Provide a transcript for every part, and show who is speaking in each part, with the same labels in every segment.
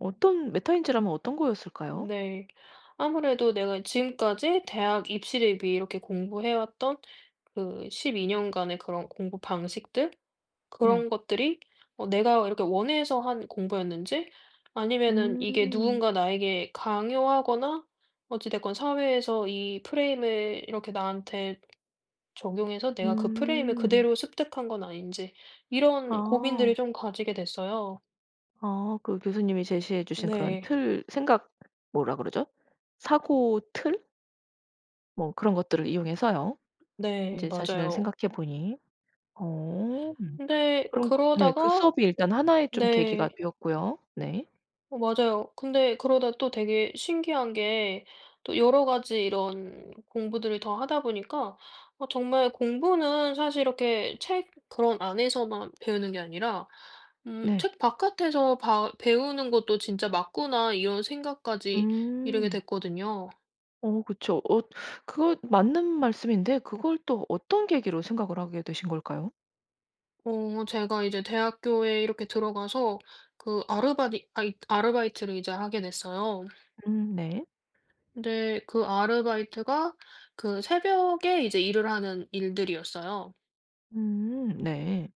Speaker 1: 어떤 메타인지라면 어떤 거였을까요?
Speaker 2: 네. 아무래도 내가 지금까지 대학 입시를 위해 이렇게 공부해 왔던 그 12 년간의 그런 공부 방식들
Speaker 1: 네.
Speaker 2: 그런 것들이 어 내가 이렇게 원해서 한 공부였는지 아니면은 이게
Speaker 1: 음.
Speaker 2: 누군가 나에게 강요하거나 어찌 됐건 사회에서 이 프레임을 이렇게 나한테 적용해서 내가 그 프레임을
Speaker 1: 음.
Speaker 2: 그대로 습득한 건 아닌지 이런 고민들을
Speaker 1: 아.
Speaker 2: 좀 가지게 됐어요.
Speaker 1: 아. 그 교수님이 제시해 주신 그런
Speaker 2: 네.
Speaker 1: 틀, 생각 뭐라 그러죠 사고 틀 뭐 그런 것들을 이용해서요
Speaker 2: 네.
Speaker 1: 인제 자신을
Speaker 2: 맞아요.
Speaker 1: 생각해 보니. 어 음
Speaker 2: 근데
Speaker 1: 그럼 그 네. 그
Speaker 2: 그러다가
Speaker 1: 수업이 일단 하나의 좀
Speaker 2: 네.
Speaker 1: 계기가 되었고요. 네.
Speaker 2: 어 맞아요. 근데 그러다 또 되게 신기한 게 또 여러 가지 이런 공부들을 더 하다 보니까 아 정말 공부는 사실 이렇게 책 그런 안에서만 배우는 게 아니라 음
Speaker 1: 네.
Speaker 2: '책 바깥에서 바 배우는 것도 진짜 맞구나.' 이런 생각까지 이르게
Speaker 1: 음.
Speaker 2: 됐거든요.
Speaker 1: 어 그쵸. 어 그거 맞는 말씀인데 그걸 또 어떤 계기로 생각을 하게 되신 걸까요?
Speaker 2: 어 제가 이제 대학교에 이렇게 들어가서 그 아르바디 아이 아르바이트를 이제 하게 됐어요.
Speaker 1: 음 네.
Speaker 2: 근데 그 아르바이트가 그 새벽에 이제 일을 하는 일들이었어요.
Speaker 1: 음 네.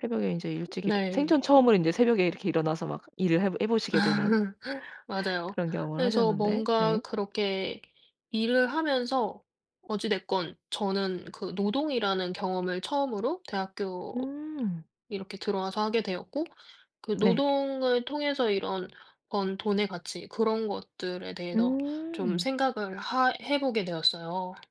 Speaker 1: 새벽에 인제 일찍 일어 생전
Speaker 2: 네.
Speaker 1: 처음으로 인제 새벽에 이렇게 일어나서 막 일을 해 보 해 보시게 되는
Speaker 2: 맞아요.
Speaker 1: 그런 경험을
Speaker 2: 그래서
Speaker 1: 하셨는데
Speaker 2: 뭔가
Speaker 1: 네.
Speaker 2: 그렇게 일을 하면서 어찌 됐건 저는 그 노동이라는 경험을 처음으로 대학교
Speaker 1: 음.
Speaker 2: 이렇게 들어와서 하게 되었고 그
Speaker 1: 네.
Speaker 2: 노동을 통해서 이런 번 돈의 가치 그런 것들에 대해서 좀
Speaker 1: 음.
Speaker 2: 생각을 하 해 보게 되었어요.